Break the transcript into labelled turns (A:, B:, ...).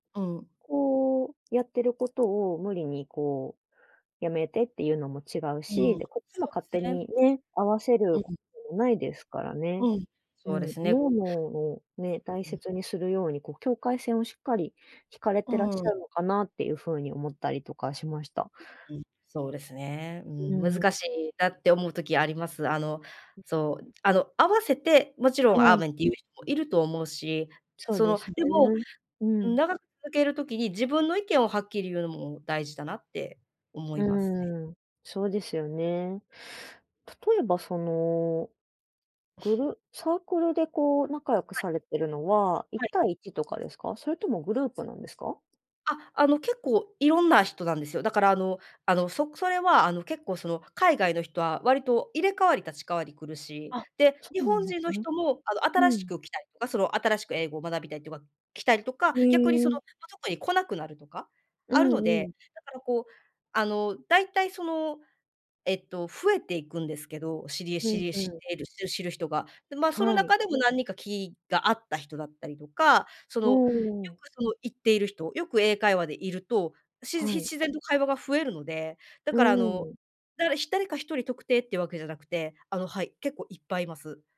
A: うん。
B: こう、やってることを無理にこう、やめてっていうのも違う
A: うん、
B: し。で、こっちも
A: そう
B: 勝
A: す
B: 手
A: ね。
B: にね、合わせる
A: うう
B: こ
A: ん。
B: ないですからね。
A: うん、
B: う
A: そう
B: ん。
A: ですね。
B: No more をね、大
A: うん。
B: 切にするように、こう境界線をしっかり引かれてらっし
A: う
B: ゃ
A: ん。
B: るのかなっていう風に思ったりとかしました。
A: ううん、そうですね。う
B: う
A: ー
B: う
A: ん
B: うん。
A: 難しいなって思う時あります。あの、
B: うん。
A: そう、あの、合わせて、もちろん
B: は
A: アー
B: い。
A: メンっていうひもいると思うし、
B: そう
A: そ
B: で
A: の、
B: すね。
A: でも、
B: う
A: うん、
B: ん。
A: 長続ける時に自分の意見をはっきり言うのも大事だなって思いますね。
B: うーん、そうですよね。例えばそのグルサークルでこう、仲良く
A: はい。
B: されてるのは、一
A: はい。
B: 対一とかですか？それともグループなんですか？
A: あ、あの、結構いろんな人なんですよ。だからあのあの、そくそれはあの、結構その、海外の人は割と、入れ代わり立ち代わりくるし、
B: あ、
A: で、
B: そ
A: 日
B: うな
A: 本
B: んで
A: 人
B: す
A: の
B: ね。
A: 人もあの、
B: う
A: 新し
B: ん。
A: く来たりとか、その、新しく英語を学びたいては、来たりとか、
B: へ
A: 逆にそのと
B: え。
A: とこに来なくなるとか、
B: う
A: あるの
B: んう
A: で、
B: ん。
A: だからこう、あの、だいたいその、えっと、増えていくんですけど、知りえ
B: う
A: 知
B: ん
A: りえ
B: う
A: 知っ
B: ん。
A: ているし知る人が。で、ま、その
B: はい。
A: 中でも何人か気が合った人だったりとか、その
B: お
A: よ
B: お。
A: く、その行っている人？よく英会話でいると、しじひ
B: はい。
A: 自然と会話が増えるので、だ
B: う
A: からあの、
B: ーん。
A: だから、ひ誰か一人特定っていうわけじゃなくて、あの、はい、結構いっぱいいます。